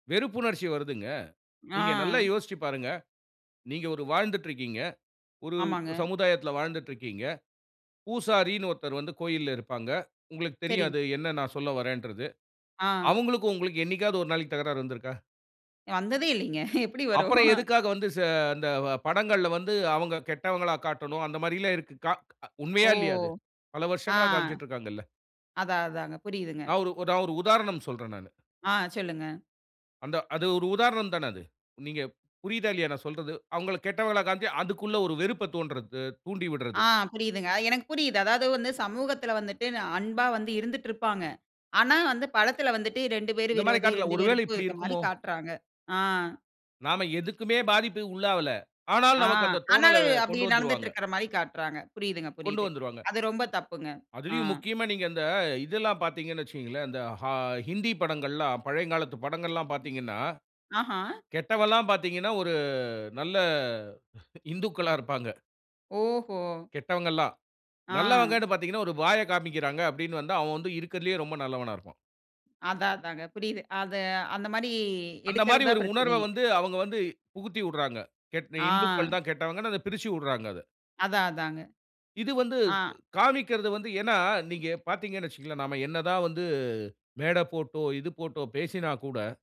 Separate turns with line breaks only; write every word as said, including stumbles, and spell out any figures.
வெறுப்புணர்ச்சி வருதுங்க. நீங்க நல்லா
ஆ.
யோசிச்சு பாருங்க. நீங்க ஒரு வாழ்ந்துட்டு இருக்கீங்க. ஒரு
ஆமாங்க.
சமுதாயத்துல வாழ்ந்துட்டு இருக்கீங்க. பூசாரின்னு ஒருத்தர் வந்து கோயில்ல இருப்பாங்க. உங்களுக்குத்
செரிங்க.
தெரியாது என்ன நான் சொல்ல வர்றேன்றது.
ஆ.
அவங்களுக்கும் உங்களுக்கும் என்னைக்காவது ஒரு நாளைக்கு தகராறு வந்துருக்கா?
வந்ததே இல்லைங்க. எப்டி
அப்பறம்
வருவோம்?
எதுக்காக? வந்து செ இந்த படங்கள்ல வந்து, அவங்க கெட்டவங்களா காட்டணும்? அந்த மாதிரில்லாம் இருக்கு. க
ஓ!
உண்மையா இல்லையா? அது, பல
ஆ.
வருஷங்களா காண்பிச்சுட்ருக்குறாங்கல்ல.
அதான், அதாங்க புரியுதுங்க.
நான் ஒரு நான் ஒரு உதாரணம் சொல்றேன் நானு.
ஆ, சொல்லுங்க.
அந்த அது ஒரு உதாரணம் தான அது. நீங்க புரியுதா? இல்லயா? நான் சொல்றது. அவங்கள கெட்டவங்களா காம்ச்சு அதுக்குள்ள ஒரு வெறுப்பத் தோன்றது அ தூண்டிவிட்றது.
ஆ புரியுதுங்க, எனக்கு புரியுது. அதாவது வந்து சமூகத்துல வந்துட்டு நா அன்பா வந்து இருந்துட்டுருப்பாங்க. ஆனா வந்து படத்துல வந்துட்டு ரெண்டு பேரும்
இந்த மாரி
விரோதி,
காட்டத்ல
ரெண்டு
ஒருவேள
பேருக்கும்
இப்டி
இருக்குற மாரி
இருக்குமோ?
காட்றாங்க. ஆ.
நாம எதுக்குமே பாதிப்புக்கு உள்ளாவல, ஆனாலும்
ஆ.
நமக்கு அந்த தோணல
ஆனாலும் அப்டி
கொண்டு வந்துருவாங்க.
நடந்துட்டுருக்ற மாரி காட்றாங்க. புரியுதுங்க,
கொண்டு
புரியுது.
வந்துருவாங்க.
அது ரொம்ப தப்புங்க. அ.
அதிலும் முக்கியமா நீங்க அந்த இதெல்லாம் பாத்தீங்கன்னு வச்சுங்களேன், இந்த ஹா ஹிந்தி படங்கள்லாம் பழையங் காலத்து படங்கள்லாம் பாத்தீங்கன்னா,
ஆஹா!
கெட்டவன்லாம் பாத்தீங்கன்னா, ஒரு நல்ல இந்துக்களா இருப்பாங்க.
ஓஹோ!
கெட்டவங்கல்லாம்.
ஆ.
நல்லவங்கன்னு பாத்தீங்கனா ஒரு பாய்ய காமிக்கறாங்க அப்டினு வந்தா, அவன் வந்து இருக்குறதுலேயே ரொம்ப நல்லவனா இருப்பான்.
அதான், அதாங்க புரியுது. அது அந்த மாரி
அந்த மாரி
எடுக்குறது தான்
ஒரு உணர்வ
பிரச்சனையே.
வந்து அவங்க வந்து புகுத்திஉட்றாங்க.கெட்
ஆ.
இந்துக்கள் தான் கெட்டவங்கனு, அத பிரிச்சுஉட்றாங்க அத.
அதான், அதாங்க.
இது வந்து ப்
ஆ.
காமிக்குறது வந்து ஏன்னா, நீங்க பாத்தீங்கன்னு வச்சுங்களேன் நம்ம என்ன தான் வந்து, மேட போட்டோ, இது போட்டோ பேசினா கூட